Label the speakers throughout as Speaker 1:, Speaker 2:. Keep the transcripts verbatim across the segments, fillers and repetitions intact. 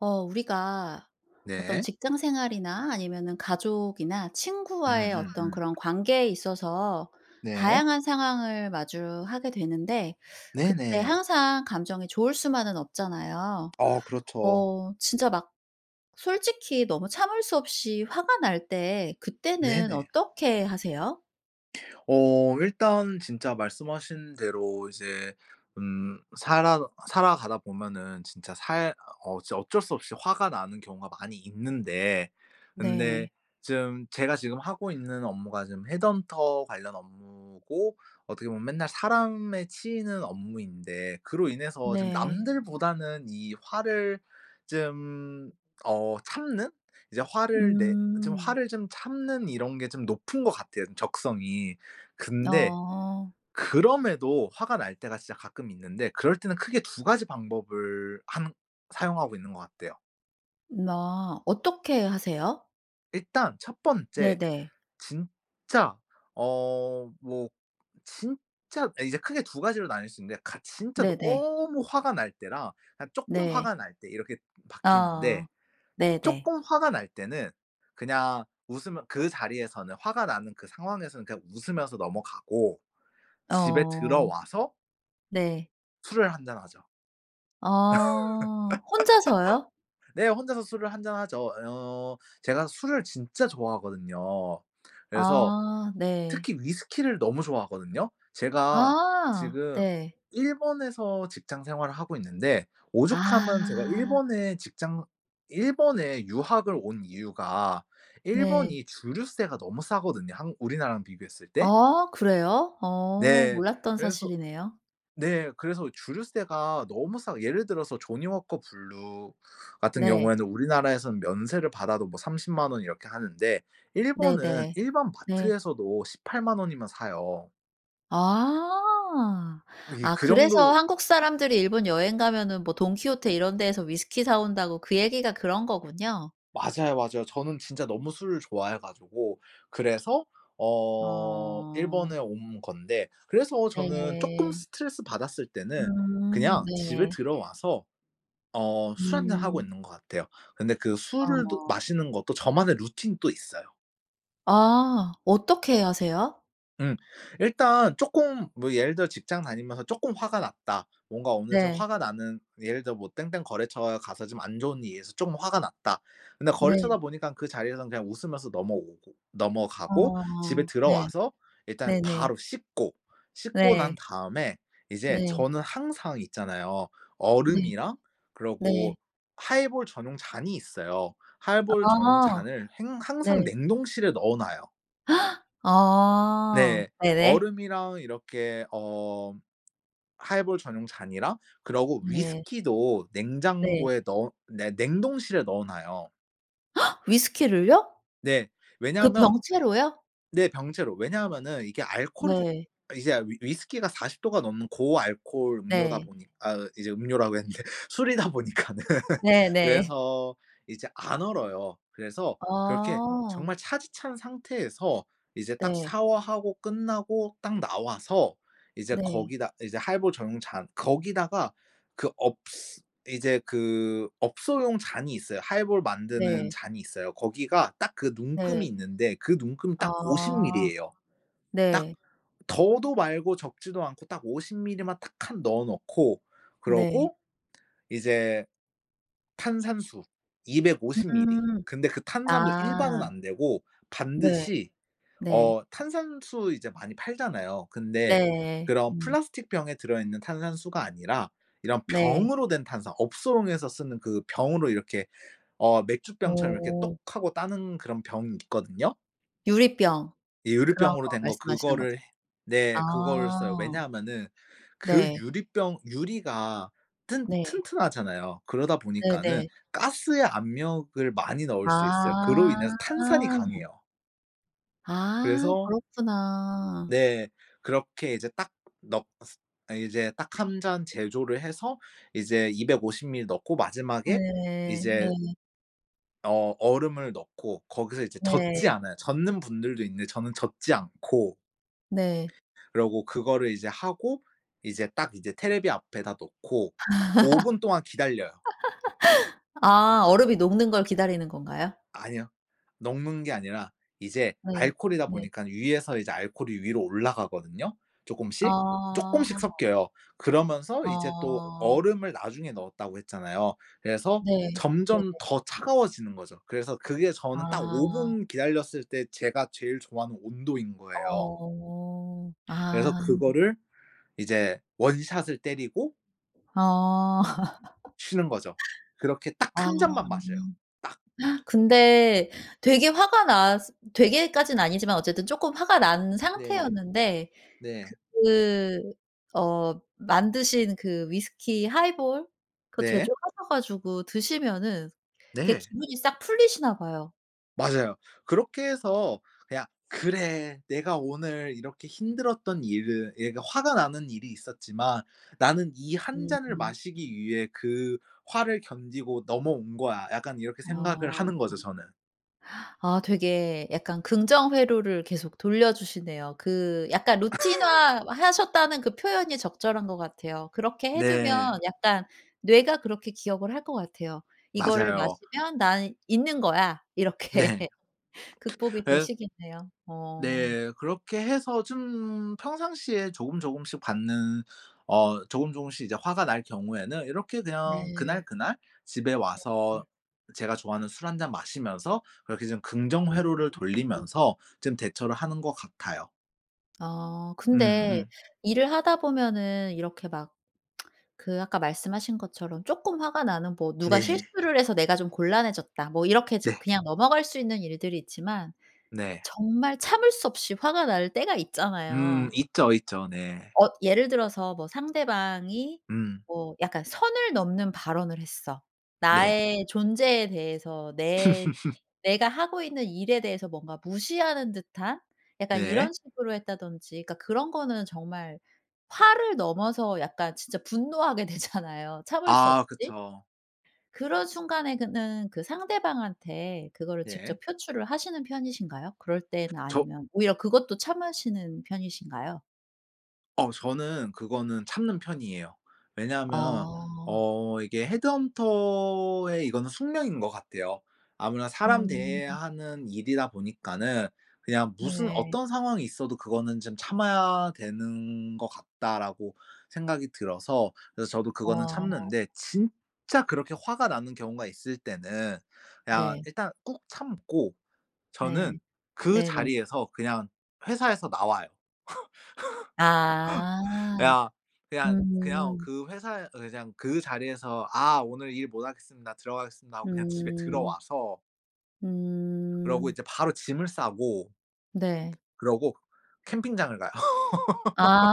Speaker 1: 어 우리가 어떤
Speaker 2: 네.
Speaker 1: 직장생활이나 아니면은 가족이나 친구와의 어떤
Speaker 2: 음음음.
Speaker 1: 그런 관계에 있어서
Speaker 2: 네.
Speaker 1: 다양한 상황을 마주하게 되는데 그때
Speaker 2: 네네.
Speaker 1: 항상 감정이 좋을 수만은 없잖아요.
Speaker 2: 어 그렇죠.
Speaker 1: 어 진짜 막 솔직히 너무 참을 수 없이 화가 날 때 그때는
Speaker 2: 네네.
Speaker 1: 어떻게 하세요?
Speaker 2: 어 일단 진짜 말씀하신 대로 이제 음 살아 살아가다 보면은 진짜 살 어 어쩔 수 없이 화가 나는 경우가 많이 있는데
Speaker 1: 네.
Speaker 2: 근데 쫌 제가 지금 하고 있는 업무가 지금 헤드헌터 관련 업무고 어떻게 보면 맨날 사람에 치이는 업무인데 그로 인해서 좀
Speaker 1: 네.
Speaker 2: 남들보다는 이 화를 좀 어 참는 이제 화를 내 좀
Speaker 1: 음.
Speaker 2: 화를 좀 참는 이런 게 좀 높은 것 같아요 적성이. 근데
Speaker 1: 어.
Speaker 2: 그럼에도 화가 날 때가 진짜 가끔 있는데 그럴 때는 크게 두 가지 방법을 함 사용하고 있는 것 같아요.
Speaker 1: 나 어떻게 하세요?
Speaker 2: 일단 첫 번째
Speaker 1: 네네.
Speaker 2: 진짜 어 뭐 진짜 이제 크게 두 가지로 나눌 수 있는데 가 진짜
Speaker 1: 네네.
Speaker 2: 너무 화가 날 때랑 그냥 쪼금
Speaker 1: 네.
Speaker 2: 화가 날 때 이렇게 바뀌는데
Speaker 1: 어. 네네.
Speaker 2: 쪼금 화가 날 때는 그냥 웃으면 그 자리에서는 화가 나는 그 상황에서는 그냥 웃으면서 넘어가고 집에
Speaker 1: 어
Speaker 2: 들어와서
Speaker 1: 네.
Speaker 2: 술을 한 잔 하죠.
Speaker 1: 아. 혼자서요?
Speaker 2: 네. 혼자서 술을 한 잔하죠. 어 제가 술을 진짜 좋아하거든요. 그래서
Speaker 1: 아. 네.
Speaker 2: 특히 위스키를 너무 좋아하거든요. 제가
Speaker 1: 아.
Speaker 2: 지금
Speaker 1: 네.
Speaker 2: 일본에서 직장 생활을 하고 있는데 오죽하면 제가
Speaker 1: 아.
Speaker 2: 일본에 직장 일본에 유학을 온 이유가
Speaker 1: 네.
Speaker 2: 일본이 주류세가 너무 싸거든요. 한 우리나라랑 비교했을 때.
Speaker 1: 아 그래요? 어
Speaker 2: 네.
Speaker 1: 몰랐던
Speaker 2: 그래서
Speaker 1: 사실이네요.
Speaker 2: 네. 그래서 주류세가 너무 싸 예를 들어서 조니워커 블루 같은
Speaker 1: 네.
Speaker 2: 경우에는 우리나라에선 면세를 받아도 뭐 삼십만 원 이렇게 하는데 일본은
Speaker 1: 네네.
Speaker 2: 일반
Speaker 1: 네.
Speaker 2: 마트에서도 십팔만 원이면 사요.
Speaker 1: 아.
Speaker 2: 이게
Speaker 1: 아
Speaker 2: 그
Speaker 1: 그래서
Speaker 2: 정도
Speaker 1: 한국 사람들이 일본 여행 가면은 뭐 돈키호테 이런 데에서 위스키 사 온다고 그 얘기가 그런 거군요.
Speaker 2: 맞아요, 맞아요. 저는 진짜 너무 술을 좋아해 가지고 그래서 어
Speaker 1: 아.
Speaker 2: 일본에 온 건데 그래서 저는 쪼금
Speaker 1: 네.
Speaker 2: 스트레스 받았을 때는
Speaker 1: 음
Speaker 2: 그냥 집에
Speaker 1: 네.
Speaker 2: 들어와서 어 술 한 잔 하고
Speaker 1: 음.
Speaker 2: 있는 것 같아요. 근데 그 술을 도
Speaker 1: 아.
Speaker 2: 마시는 것도 저만의 루틴이 또 있어요.
Speaker 1: 아. 어떻게 하세요?
Speaker 2: 음. 일단 쪼끔 뭐 예를 들어 직장 다니면서 쪼끔 화가 났다. 뭔가 오늘 좀
Speaker 1: 네.
Speaker 2: 화가 나는 예를 들어 뭐 땡땡 거래처에 가서 좀 안 좋은 일이 있어 좀 화가 났다. 근데
Speaker 1: 네.
Speaker 2: 거래처다 보니깐 그 자리에선 그냥 웃으면서 넘어오고
Speaker 1: 아.
Speaker 2: 넘어가고 집에
Speaker 1: 네.
Speaker 2: 들어와서 일단
Speaker 1: 네네.
Speaker 2: 바로 씻고. 씻고 난
Speaker 1: 네.
Speaker 2: 다음에 이제
Speaker 1: 네.
Speaker 2: 저는 항상 있잖아요.
Speaker 1: 네.
Speaker 2: 얼음이랑
Speaker 1: 네.
Speaker 2: 그러고 하이볼 전용 잔이 있어요. 하이볼 전용
Speaker 1: 아.
Speaker 2: 잔을 행 항상
Speaker 1: 네.
Speaker 2: 냉동실에 넣어놔요.
Speaker 1: 아.
Speaker 2: 네.
Speaker 1: 네네.
Speaker 2: 얼음이랑 이렇게 어 하이볼 전용 잔이랑 그러고
Speaker 1: 네.
Speaker 2: 위스키도
Speaker 1: 네.
Speaker 2: 냉장고에 넣어 네. 냉동실에 넣어놔요.
Speaker 1: 위스키를요?
Speaker 2: 네.
Speaker 1: 그
Speaker 2: 왜냐하면
Speaker 1: 병째로요?
Speaker 2: 네. 병째로. 왜냐하면은 이게 알코올이 [unintelligible]
Speaker 1: 네.
Speaker 2: 이제 위 위스키가 사십 도가 넘는 고알코올 음료다
Speaker 1: 네.
Speaker 2: 보니 아 이제 음료라고 했는데 술이다 보니까는.
Speaker 1: 네네.
Speaker 2: 그래서 이제 안 얼어요. 그래서 그렇게
Speaker 1: 아.
Speaker 2: 정말 차디 찬 상태에서 이제 딱
Speaker 1: 네.
Speaker 2: 샤워하고 끝나고 딱 나와서 이제
Speaker 1: 네.
Speaker 2: 거기다 이제 하이볼 전용 잔 거기다가 그 업ㅅ 이제 그 업소용 잔이 있어요. 하이볼 만드는
Speaker 1: 네.
Speaker 2: 잔이 있어요. 거기가 딱 그 눈금이
Speaker 1: 네.
Speaker 2: 있는데 그 눈금 딱 오십
Speaker 1: 아.
Speaker 2: 밀리예요. 딱
Speaker 1: 네.
Speaker 2: 더도 말고 적지도 않고 딱 오십 밀리만 딱 칸 넣어 놓고
Speaker 1: 네.
Speaker 2: 그러고 이제 탄산수 이백오십 밀리.
Speaker 1: 음.
Speaker 2: 근데 그 탄산도 일반은
Speaker 1: 아.
Speaker 2: 안 되고
Speaker 1: 네.
Speaker 2: 반드시
Speaker 1: 네.
Speaker 2: 어 탄산수 이제 많이 팔잖아요? 근데
Speaker 1: 네.
Speaker 2: 그런
Speaker 1: 음.
Speaker 2: 플라스틱 병에 들어있는 탄산수가 아니라 이런
Speaker 1: 네.
Speaker 2: 병으로 된 탄산, 업소용에서 쓰는 그 병으로 이렇게 어 맥주병처럼 이렇게 똑
Speaker 1: 어.
Speaker 2: 하고 따는 그런 병이 있거든요.
Speaker 1: 유리병
Speaker 2: 예.
Speaker 1: 그런
Speaker 2: 유리병으로
Speaker 1: 거
Speaker 2: 된 거
Speaker 1: 말씀하시는 거죠?
Speaker 2: 그거를 해 네 그거를 써요.
Speaker 1: 아.
Speaker 2: 왜냐하면은 그
Speaker 1: 네.
Speaker 2: 유리병 유리가 튼
Speaker 1: 네.
Speaker 2: 튼튼하잖아요. 그러다 보니까는
Speaker 1: 네네.
Speaker 2: 가스의 압력을 많이 넣을 수 있어요. 그로
Speaker 1: 아.
Speaker 2: 인해서 탄산이 강해요.
Speaker 1: 아.
Speaker 2: 그래서
Speaker 1: 그렇구나.
Speaker 2: 네. 그렇게 이제 딱 넣 스 어 이제 딱 한 잔 제조를 해서 이제 이백오십 밀리 넣고 마지막에
Speaker 1: 네. 네.
Speaker 2: 이제 어 얼음을 넣고 거기서 이제 젓지
Speaker 1: 네.
Speaker 2: 않아요. 젓는 분들도 있는데 저는 젓지 않고
Speaker 1: 네.
Speaker 2: 그러고 그거를 이제 하고 이제 딱 이제 테레비 앞에다 놓고 오 분 동안 기다려요.
Speaker 1: 아 얼음이 녹는 걸 기다리는 건가요?
Speaker 2: 아니요. 녹는 게 아니라 이제
Speaker 1: 네.
Speaker 2: 알코올이다
Speaker 1: 네.
Speaker 2: 보니깐 위에서 이제 알코올이 위로 올라가거든요, 쪼금씩.
Speaker 1: 어.
Speaker 2: 쪼끔씩 섞여요. 그러면서 이제 또
Speaker 1: 어.
Speaker 2: 얼음을 나중에 넣었다고 했잖아요. 그래서
Speaker 1: 네. 네네.
Speaker 2: 점점 더 차가워지는 거죠. 그래서 그게 저는 딱 오
Speaker 1: 아.
Speaker 2: 분 기다렸을 때 제가 제일 좋아하는 온도인 거예요.
Speaker 1: 어.
Speaker 2: 그래서
Speaker 1: 아.
Speaker 2: 그거를 이제 원 샷을 때리고
Speaker 1: 아.
Speaker 2: 쉬는 거죠. 그렇게 딱
Speaker 1: 아.
Speaker 2: 한 잔만 마셔요 딱.
Speaker 1: 근데 되게 화가 나스 되게까진 아니지만 어쨌든 조금 화가 난
Speaker 2: 네.
Speaker 1: 상태였는데
Speaker 2: 네.
Speaker 1: 그 어 만드신 그 위스키 하이볼 그거
Speaker 2: 네.
Speaker 1: 제조하셔 가지고 드시면은 그게
Speaker 2: 네.
Speaker 1: 기분이 싹 풀리시나 봐요.
Speaker 2: 맞아요. 그렇게 해서 그냥 '그래 내가 오늘 이렇게 힘들었던 일을' 예 그러니까 '화가 나는 일이 있었지만 나는 이 한 잔을
Speaker 1: 음.
Speaker 2: 마시기 위해 그 화를 견디고 넘어온 거야.' 약간 이렇게 생각을
Speaker 1: 아.
Speaker 2: 하는 거죠 저는.
Speaker 1: 아 되게 약간 긍정 회로를 계속 돌려 주시네요. 그 약간 루틴화 하셨다는 그 표현이 적절한 것 같아요. 그렇게 해 두면
Speaker 2: 네.
Speaker 1: 약간 뇌가 그렇게 기억을 할 것 같아요. '이거를
Speaker 2: 맞아요.
Speaker 1: 마시면 난 잊는 거야.' 이렇게.
Speaker 2: 네.
Speaker 1: 극복이
Speaker 2: 에
Speaker 1: 되시겠네요. 어.
Speaker 2: 네 그렇게 해서 좀 평상시에 조금 조금씩 받는 어 조금 조금씩 이제 화가 날 경우에는 이렇게 그냥 그날,
Speaker 1: 네.
Speaker 2: 그날 집에 와서
Speaker 1: 네네.
Speaker 2: 제가 좋아하는 술 한 잔 마시면서 그렇게 좀 긍정
Speaker 1: 음.
Speaker 2: 회로를 돌리면서 좀 대처를 하는 것 같아요.
Speaker 1: 어.
Speaker 2: 음
Speaker 1: 근데
Speaker 2: 음.
Speaker 1: 일을 하다 보면은 이렇게 막 그 아까 말씀하신 것처럼 조금 화가 나는 뭐 "누가
Speaker 2: 네.
Speaker 1: 실수를 해서 내가 좀 곤란해졌다." 뭐 이렇게 좀
Speaker 2: 네.
Speaker 1: 그냥 넘어갈 수 있는 일들이 있지만
Speaker 2: 네.
Speaker 1: 정말 참을 수 없이 화가 날 때가 있잖아요.
Speaker 2: 음. 있죠, 있죠. 네.
Speaker 1: 엇 예를 들어서 뭐 상대방이
Speaker 2: 음.
Speaker 1: 뭐 약간 선을 넘는 발언을 했어.
Speaker 2: 네.
Speaker 1: 나의 존재에 대해서 내 내가 하고 있는 일에 대해서 뭔가 무시하는 듯한 약간 이런
Speaker 2: 네.
Speaker 1: 식으로 했다든지 그니까 그런 거는 정말 화를 넘어서 약간 진짜 분노하게 되잖아요, 참을 수
Speaker 2: 아.
Speaker 1: 없이.
Speaker 2: 그쵸.
Speaker 1: 그런 순간에 그는 그 상대방한테 그거를
Speaker 2: 네.
Speaker 1: 직접 표출을 하시는 편이신가요? 그럴 때나
Speaker 2: 저
Speaker 1: 아니면 오히려 그것도 참으시는 편이신가요?
Speaker 2: 어 저는 그거는 참는 편이에요. 왜냐하면
Speaker 1: 어.
Speaker 2: 어 이게 헤드헌터의 이거는 숙명인 거 같아요. 아무나 사람 대해야
Speaker 1: 음.
Speaker 2: 하는 일이다 보니까는 그냥 무슨
Speaker 1: 네.
Speaker 2: 어떤 상황이 있어도 그거는 좀 '참아야 되는 거 같다.'라고 생각이 들어서 그래서 저도 그거는
Speaker 1: 어.
Speaker 2: 참는데 진짜 그렇게 화가 나는 경우가 있을 때는 그냥
Speaker 1: 네.
Speaker 2: 일단 꾹 참고 저는
Speaker 1: 네.
Speaker 2: 그
Speaker 1: 네네.
Speaker 2: 자리에서 그냥 회사에서 나와요.
Speaker 1: 아
Speaker 2: 그냥, 그냥, 그냥
Speaker 1: 음.
Speaker 2: 그 회사에 그냥 그 자리에서 "아. 오늘 일 못 하겠습니다. 들어가겠습니다." 하고 그냥 집에
Speaker 1: 음.
Speaker 2: 들어와서 그러고
Speaker 1: 음.
Speaker 2: 이제 바로 짐을 싸고
Speaker 1: 네.
Speaker 2: 그러고 캠핑장을 가요.
Speaker 1: 아.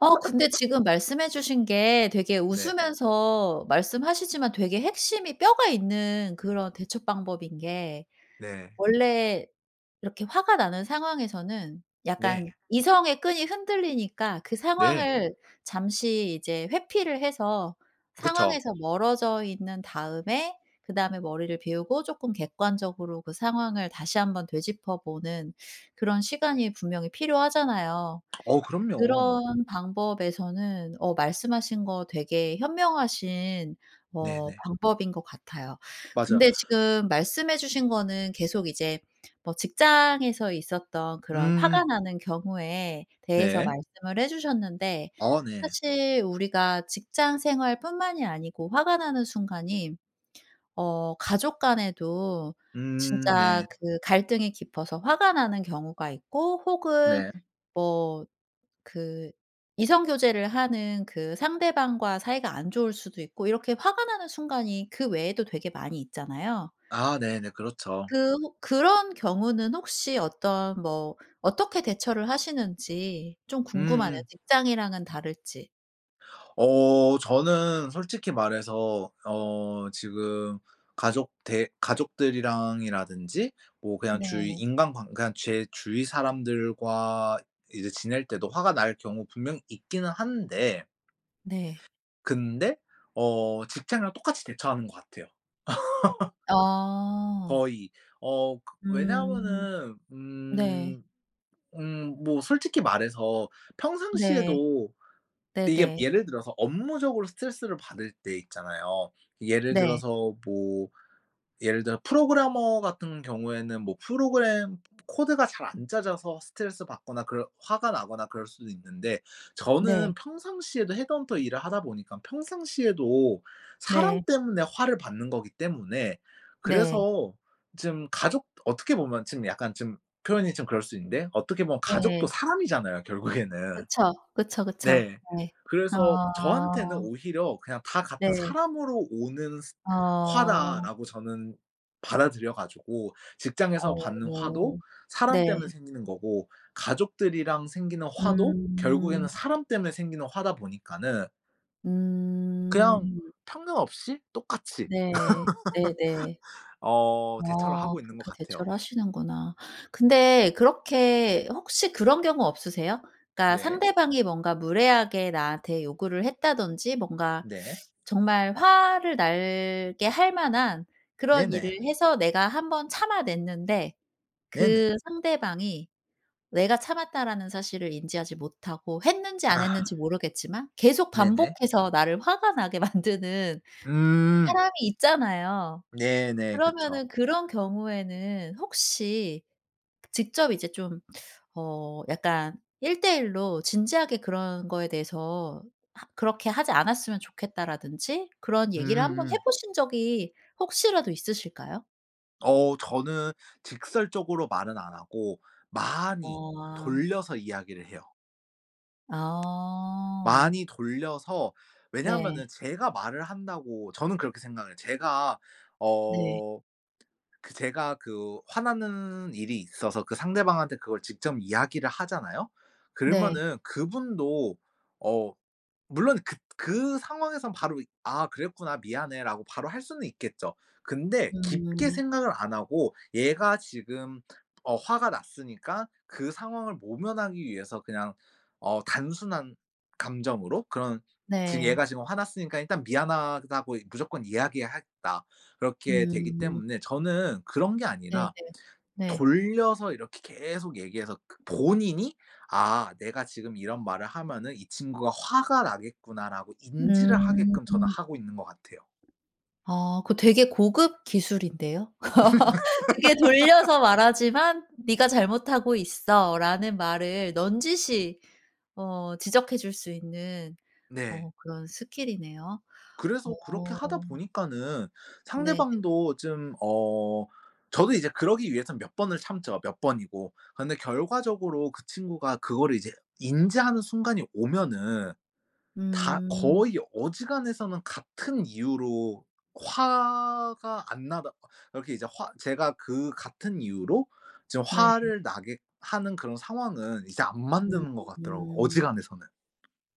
Speaker 1: 아! 근데 지금 말씀해주신 게 되게
Speaker 2: 네.
Speaker 1: 웃으면서 말씀하시지만 되게 핵심이 뼈가 있는 그런 대처 방법인 게
Speaker 2: 네.
Speaker 1: 원래 이렇게 화가 나는 상황에서는 약간
Speaker 2: 네.
Speaker 1: 이성의 끈이 흔들리니까 그
Speaker 2: 네.
Speaker 1: 상황을 잠시 이제 회피를 해서
Speaker 2: 그쵸.
Speaker 1: 상황에서 멀어져 있는 다음에 그다음에 머리를 비우고 조금 객관적으로 그 상황을 다시 한번 되짚어보는 그런 시간이 분명히 필요하잖아요.
Speaker 2: 어 그럼요.
Speaker 1: 그런 방법에서는 어 말씀하신 거 되게 현명하신 어
Speaker 2: 네네.
Speaker 1: 방법인 것 같아요.
Speaker 2: 맞아요.
Speaker 1: 근데 지금 말씀해 주신 거는 계속 이제 뭐 직장에서 있었던 그런 화가
Speaker 2: 음.
Speaker 1: 나는 경우에 대해서
Speaker 2: 네.
Speaker 1: 말씀을 해주셨는데
Speaker 2: 어 네.
Speaker 1: 사실 우리가 직장 생활뿐만이 아니고 화가 나는 순간이 어 가족 간에도
Speaker 2: 음
Speaker 1: 진짜
Speaker 2: 네.
Speaker 1: 그 갈등이 깊어서 화가 나는 경우가 있고 혹은
Speaker 2: 네.
Speaker 1: 뭐 그 이성 교제를 하는 그 상대방과 사이가 안 좋을 수도 있고 이렇게 화가 나는 순간이 그 외에도 되게 많이 있잖아요.
Speaker 2: 아 네네 그렇죠.
Speaker 1: 그 혹 그런 경우는 혹시 어떤 뭐 어떻게 대처를 하시는지 좀
Speaker 2: 음
Speaker 1: 궁금하네요.
Speaker 2: 음.
Speaker 1: 직장이랑은 다를지.
Speaker 2: 어. 저는 솔직히 말해서 어 지금 가족 대 가족들이랑이라든지 뭐 그냥 주위
Speaker 1: 네.
Speaker 2: 인간관 그냥 제 주위 사람들과 이제 지낼 때도 화가 날 경우 분명히 있기는 한데
Speaker 1: 네.
Speaker 2: 근데 어 직장이랑 똑같이 대처하는 거 같아요
Speaker 1: 어.
Speaker 2: 거의. 어. 그
Speaker 1: 음.
Speaker 2: 왜냐하면은
Speaker 1: 네.
Speaker 2: 음, 음 뭐 솔직히 말해서
Speaker 1: 네.
Speaker 2: 평상시에도 이게
Speaker 1: 네네.
Speaker 2: 예를 들어서 업무적으로 스트레스를 받을 때 있잖아요. 예를
Speaker 1: 네.
Speaker 2: 들어서 뭐 예를 들어 프로그래머 같은 경우에는 뭐 프로그램 코드가 잘 안 짜져서 스트레스 받거나 그럴 화가 나거나 그럴 수는 있는데 저는
Speaker 1: 네.
Speaker 2: 평상시에도 헤드헌터 일을 하다 보니까 평상시에도 사람
Speaker 1: 네.
Speaker 2: 때문에 화를 받는 거기 때문에
Speaker 1: 네.
Speaker 2: 그래서 좀 가족 어떻게 보면 좀 약간 좀 표현이 좀 그럴 수 있는데 어떻게 보면
Speaker 1: 네.
Speaker 2: 가족도 사람이잖아요, 결국에는.
Speaker 1: 그쵸. 그쵸, 그쵸.
Speaker 2: 네.
Speaker 1: 네.
Speaker 2: 그래서 저한테는
Speaker 1: 아.
Speaker 2: 오히려 그냥 다 같은
Speaker 1: 네.
Speaker 2: '사람으로 오는 스
Speaker 1: 아.
Speaker 2: 화다.'라고 저는 받아들여 가지고 직장에서
Speaker 1: 어
Speaker 2: 받는 화도
Speaker 1: 음.
Speaker 2: 사람
Speaker 1: 네.
Speaker 2: 때문에 생기는 거고 가족들이랑 생기는 화도
Speaker 1: 음.
Speaker 2: 결국에는 사람 때문에 생기는 화다 보니까는 그냥
Speaker 1: 음.
Speaker 2: 편견 없이 똑같이
Speaker 1: 네. 네네.
Speaker 2: 어 대처를
Speaker 1: 어
Speaker 2: 하고 있는 것
Speaker 1: 그렇게
Speaker 2: 같아요.
Speaker 1: 대처를 하시는구나. 근데 그렇게 혹시 그런 경우 없으세요? 그러니까
Speaker 2: 네.
Speaker 1: 상대방이 뭔가 무례하게 나한테 요구를 했다든지 뭔가
Speaker 2: 네.
Speaker 1: 정말 화를 나게 할 만한 그런 일을
Speaker 2: 네네.
Speaker 1: 해서 내가 한 번 참아냈는데
Speaker 2: 네네.
Speaker 1: 그 상대방이 내가 "참았다."라는 사실을 인지하지 못하고 했는지 안
Speaker 2: 아.
Speaker 1: 했는지 모르겠지만 계속
Speaker 2: 네네.
Speaker 1: 반복해서 나를 화가 나게 만드는
Speaker 2: 음.
Speaker 1: 사람이 있잖아요?
Speaker 2: 네 네. 그쵸.
Speaker 1: 그러면은 그런 경우에는 혹시 직접 이제 좀 어 약간 일대일로 진지하게 그런 거에 대해서 하 "그렇게 하지 않았으면 좋겠다."라든지 그런
Speaker 2: 음
Speaker 1: 얘기를 한번
Speaker 2: 음.
Speaker 1: 해보신 적이 혹시라도 있으실까요?
Speaker 2: 어. 저는 직설적으로 말은 안 하고 많이
Speaker 1: 어 아.
Speaker 2: 돌려서 이야기를 해요.
Speaker 1: 어.
Speaker 2: 많이 돌려서
Speaker 1: 네.
Speaker 2: 왜냐면은 제가 말을 한다고 저는 그렇게 생각을 해요. 제가
Speaker 1: 네.
Speaker 2: 어 그 제가 그 화나는 일이 있어서 그 상대방한테 그걸 직접 이야기를 하잖아요?
Speaker 1: 네.
Speaker 2: 그러면은 그분도 어 물론 그 그 상황에선 바로 "이 아. 그랬구나 미안해."라고 바로 할 수는 있겠죠. 근데 깊게
Speaker 1: 음.
Speaker 2: 생각을 안 하고 얘가 지금 어 화가 났으니까 그 상황을 모면하기 위해서 그냥 어 단순한 감정으로 그런 '지금
Speaker 1: 네.
Speaker 2: 얘가 지금 화 났으니까 일단 미안하다고 무조건 이야기 하겠다.' 그렇게 되기
Speaker 1: 음.
Speaker 2: 때문에 저는 그런 게
Speaker 1: 네네.
Speaker 2: 아니라
Speaker 1: 네.
Speaker 2: 돌려서 이렇게 계속 얘기해서 그 본인이 '아. 내가 지금 이런 말을 하면은 이 친구가 화가 나겠구나.'라고 인지를 하게끔 저는
Speaker 1: 음.
Speaker 2: 하고 있는 거 같아요.
Speaker 1: 아. 그 되게 고급 기술인데요? 되게 돌려서 말하지만 "네가 잘못하고 있어."라는 말을 넌지시 어 지적해 줄 수 있는
Speaker 2: 네.
Speaker 1: 어 그런 스킬이네요.
Speaker 2: 그래서 그렇게 하다
Speaker 1: 어.
Speaker 2: 보니까는
Speaker 1: 네네.
Speaker 2: 상대방도 좀 어. 저도 이제 그러기 위해선 몇 번을 참죠. 몇 번이고. 근데 결과적으로 그 친구가 그거를 이제 인지하는 순간이 오면은 다
Speaker 1: 음.
Speaker 2: 거의 어지간해서는 같은 이유로 화가 안 나다 거 이렇게 이제 화 제가 그 같은 이유로 지금
Speaker 1: 네.
Speaker 2: 화를 나게 하는 그런 상황은 이제 안
Speaker 1: 음
Speaker 2: 만드는 거 같더라고.
Speaker 1: 음.
Speaker 2: 어지간해서는.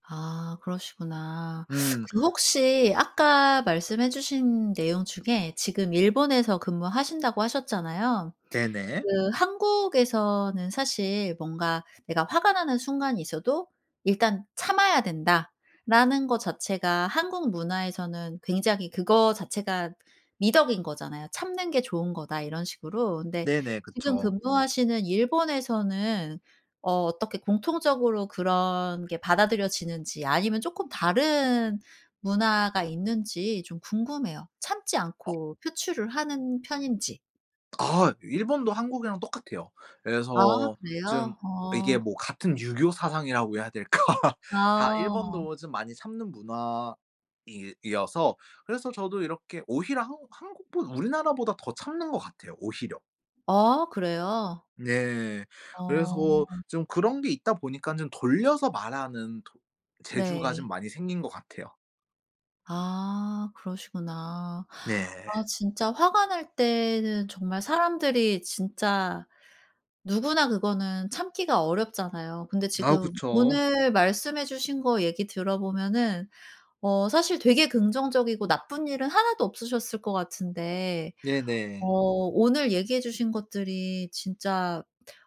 Speaker 1: 아 그러시구나.
Speaker 2: 음.
Speaker 1: 그 혹시 아까 말씀해 주신 내용 중에 지금 일본에서 근무하신다고 하셨잖아요.
Speaker 2: 네네.
Speaker 1: 그 한국에서는 사실 뭔가 내가 화가 나는 순간이 있어도 "일단 참아야 된다."라는 거 자체가 한국 문화에서는 굉장히 그거 자체가 미덕인 거잖아요. "참는 게 좋은 거다." 이런 식으로. 근데
Speaker 2: 네네
Speaker 1: 지금
Speaker 2: 그쵸.
Speaker 1: 근무하시는 일본에서는 어 어떻게 공통적으로 그런 게 받아들여지는지 아니면 쪼끔 다른 문화가 있는지 좀 궁금해요. 참지
Speaker 2: 어.
Speaker 1: 않고 표출을 하는 편인지.
Speaker 2: 아 일본도 한국이랑 똑같아요.
Speaker 1: 아
Speaker 2: 그래서 좀
Speaker 1: 그래요?
Speaker 2: 이게
Speaker 1: 어.
Speaker 2: 뭐 같은 유교 사상이라고 해야 될까? 다
Speaker 1: 아.
Speaker 2: 일본도 좀 많이 참는 문화 이 이어서 그래서 저도 이렇게 오히려 한국 한국 보 우리나라보다 더 참는 것 같아요 오히려.
Speaker 1: 어 그래요?
Speaker 2: 네. 그래서
Speaker 1: 어.
Speaker 2: 좀 그런 게 있다 보니깐 좀 돌려서 말하는 토 재주가 좀
Speaker 1: 네.
Speaker 2: 많이 생긴 것 같아요.
Speaker 1: 아 그러시구나.
Speaker 2: 네.
Speaker 1: 아 진짜 화가 날 때는 정말 사람들이 진짜 누구나 그거는 참기가 어렵잖아요. 근데
Speaker 2: 아
Speaker 1: 지금
Speaker 2: 그쵸.
Speaker 1: 오늘 말씀해 주신 거 얘기 들어 보면은 어 사실 되게 긍정적이고 나쁜 일은 하나도 없으셨을 것 같은데 어
Speaker 2: 네네.
Speaker 1: 오늘 얘기해 주신 것들이 진짜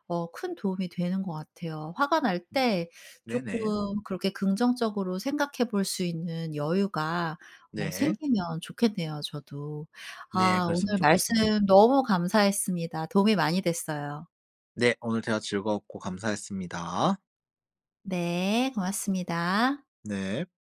Speaker 1: 어 큰 도움이 되는 것 같아요. 화가 날 때 쪼끔
Speaker 2: 네네.
Speaker 1: 그렇게 긍정적으로 생각해 볼 수 있는 여유가 어
Speaker 2: 네.
Speaker 1: 생기면 좋겠네요 저도.
Speaker 2: 네
Speaker 1: 아
Speaker 2: 그랬으면
Speaker 1: 오늘
Speaker 2: 좋겠습니다.
Speaker 1: 말씀 너무 감사했습니다. 도움이 많이 됐어요.
Speaker 2: 네 오늘 대화 즐거웠고 감사했습니다.
Speaker 1: 네 고맙습니다.
Speaker 2: 네.